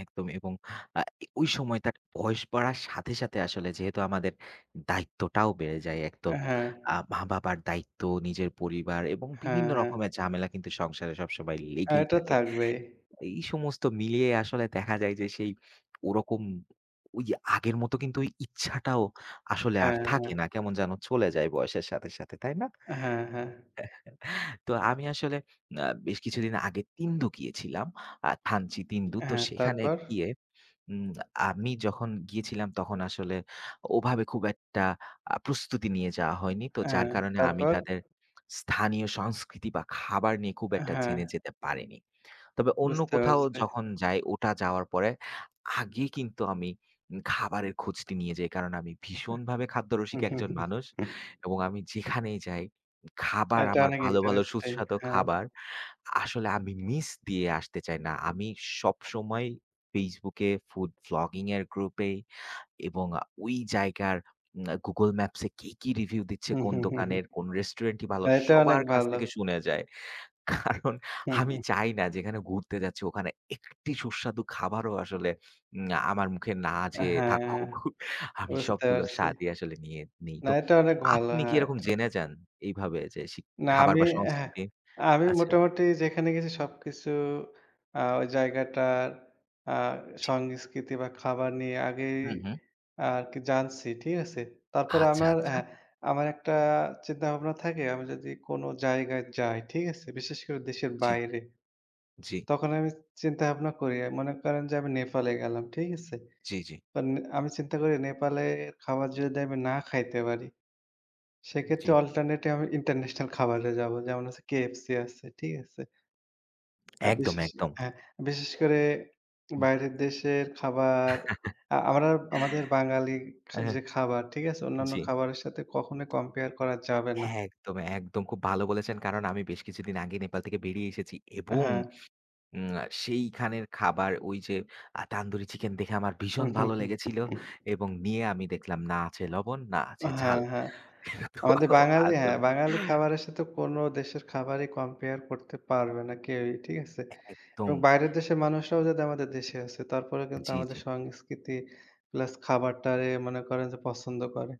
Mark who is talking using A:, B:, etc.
A: একদমই এবং আ ই ওই সময়টা বয়স বাড়ার সাথে, সাথে আসলে যেহেতু আমাদের দায়িত্বটাও বেড়ে যায়। এক তো
B: অ্যা হ্যাঁ।
A: আ মা-বাবার দায়িত্ব, নিজের পরিবার এবং
B: হ্যাঁ,
A: বিভিন্ন
B: হ্যাঁ।
A: রকমের ঝামেলা কিন্তু সংসারে সবসময়
B: আর
A: লেগেই
B: এটা
A: থাকে।
B: থাকবেই।
A: এই সমস্ত মিলিয়ে আসলে দেখা যায়, যে সেই ওরকম ওই আগের মত কিন্তু ওই ইচ্ছাটাও আসলে আর
B: হ্যাঁ,
A: থাকে
B: হ্যাঁ।
A: না। কেমন যেন চলে যায়, বয়সের সাথে, সাথে তাই না?
B: হ্যাঁ, হ্যাঁ।
A: তো আমি আসলে আ বেশ কিছুদিন আগে তিন্দু গিয়েছিলাম। আ থানচি তিন্দু, তো
B: হ্যাঁ,
A: সেখানে
B: তারপর?
A: গিয়ে উম আমি যখন গিয়েছিলাম, তখন আসলে ওভাবে খুব একটা আ প্রস্তুতি নিয়ে যাওয়া হয়নি। তো যার
B: হ্যাঁ,
A: কারণে আমি
B: তারপর?
A: তাদের স্থানীয় সংস্কৃতি বা খাবার নিয়ে খুব
B: অ্যা
A: একটা
B: হ্যাঁ।
A: জেনে যেতে পারিনি। তবে অন্য
B: বুঝতে
A: কোথাও
B: পারছি।
A: যখন যাই, ওটা যাওয়ার পরে আগে কিন্তু আমি উম খাবারের খোঁজটি নিয়ে যাই, কারণ আমি ভীষণভাবে খাদ্যরসিক
B: এহ
A: একজন মানুষ। এবং আমি যেখানেই যাই, খাবার
B: এটা
A: আমার
B: অনেক
A: ভালো, ভালো
B: ইন্টারেস্টিং,
A: সুস্বাদু
B: হ্যাঁ।
A: খাবার। আসলে আমি মিস দিয়ে আসতে চাই না। আমি সবসময় Facebook এ ফুড ব্লগিং এর গ্রুপে এবং আ ওই জায়গার উম Google Maps এ কে কি রিভিউ দিচ্ছে, কোন দোকানের কোন রেস্টুরেন্টি ভালো
B: এটা অনেক
A: সবার কাছ
B: ভালো।
A: থেকে শুনে যাই। কারণ
B: হু,
A: আমি
B: হু।
A: চাই না, যেখানে ঘুরতে যাচ্ছি ওখানে একটি সুস্বাদু খাবারও আসলে উম আমার মুখে না
B: অ্যা
A: যেয়ে
B: হ্যাঁ,
A: থাকুক, আমি
B: বুঝতে
A: সবগুলোর
B: পারছি।
A: স্বাদই আসলে নিয়ে নেই।
B: না,
A: তো
B: এটা অনেক ভালো।
A: আপনি কি
B: হ্যাঁইট
A: এরকম জেনে যান, এইভাবে যে সিক
B: না,
A: খাবার,
B: আমি
A: বা
B: এহ
A: সংস্কৃতি
B: আমি
A: আছে?
B: মোটামুটি যেখানে গেছি সবকিছু আ ওই জায়গাটার আ
A: জ্বি।
B: সংস্কৃতি বা খাবার নিয়ে আগেই
A: হু, হু।
B: আ আরকি জানছি। ঠিক আছে? তারপর
A: আচ্ছা,
B: আমার অ্যা
A: আচ্ছা।
B: হ্যাঁ, আমার একটা চিন্তাভাবনা থাকে, আমি যদি কোন জায়গায় যাই, ঠিক আছে? বিশেষ করে দেশের
A: জ্বি,
B: বাইরে।
A: জ্বি।
B: তখন আমি চিন্তা-ভাবনা করি, অ্যা মনে করেন যে আমি নেপালে গেলাম। ঠিক আছে?
A: জ্বি, জ্বি।
B: মানে আমি চিন্তা করি, নেপালের খাবার যদি আমি না খাইতে পারি। সেক্ষেত্রে
A: জ্বী।
B: alternative আমি international খাবারে যাবো। যেমন হচ্ছে KFC আছে। ঠিক আছে? আ
A: একদম,
B: বিশেষে
A: একদম।
B: হ্যাঁ, বিশেষ করে
A: হু।
B: বাইরের দেশের খাবার আ আমরা আমাদের বাঙালি
A: অ্যা
B: খা যে
A: হ্যাঁ,
B: খাবার ঠিক আছে, অন্যান্য
A: জ্বি।
B: খাবারের সাথে কখনোই compare করা যাবে না।
A: হ্যাঁ, একদম, একদম খুব ভালো বলেছেন। কারণ আমি বেশ কিছুদিন আগে নেপাল থেকে বেরিয়ে এসেছি
B: অ্যা
A: এবং
B: হ্যাঁ।
A: উম আ সেইখানের খাবার ওই যে আ তান্দুরি চিকেন দেখে আমার ভীষণ ভালো লেগেছিল এবং নিয়ে আমি দেখলাম না আছে লবণ না
B: অ
A: আছে
B: হ্যাঁ,
A: ঝাল।
B: হ্যাঁ।
A: হ্যাঁ, তো
B: আমাদের বাঙালি অ্যা
A: আসল
B: বাঙালি খাবারের সাথে কোন দেশের খাবারই compare করতে পারবে না, কেউই। ঠিক আছে? এবং
A: একদম।
B: বাইরের দেশের মানুষরাও যদি আমাদের দেশে আসে, তারপরেও কিন্তু
A: জ্বি,
B: আমাদের
A: জ্বি।
B: সংস্কৃতি plus খাবারটারে মনে করেন যে পছন্দ করে।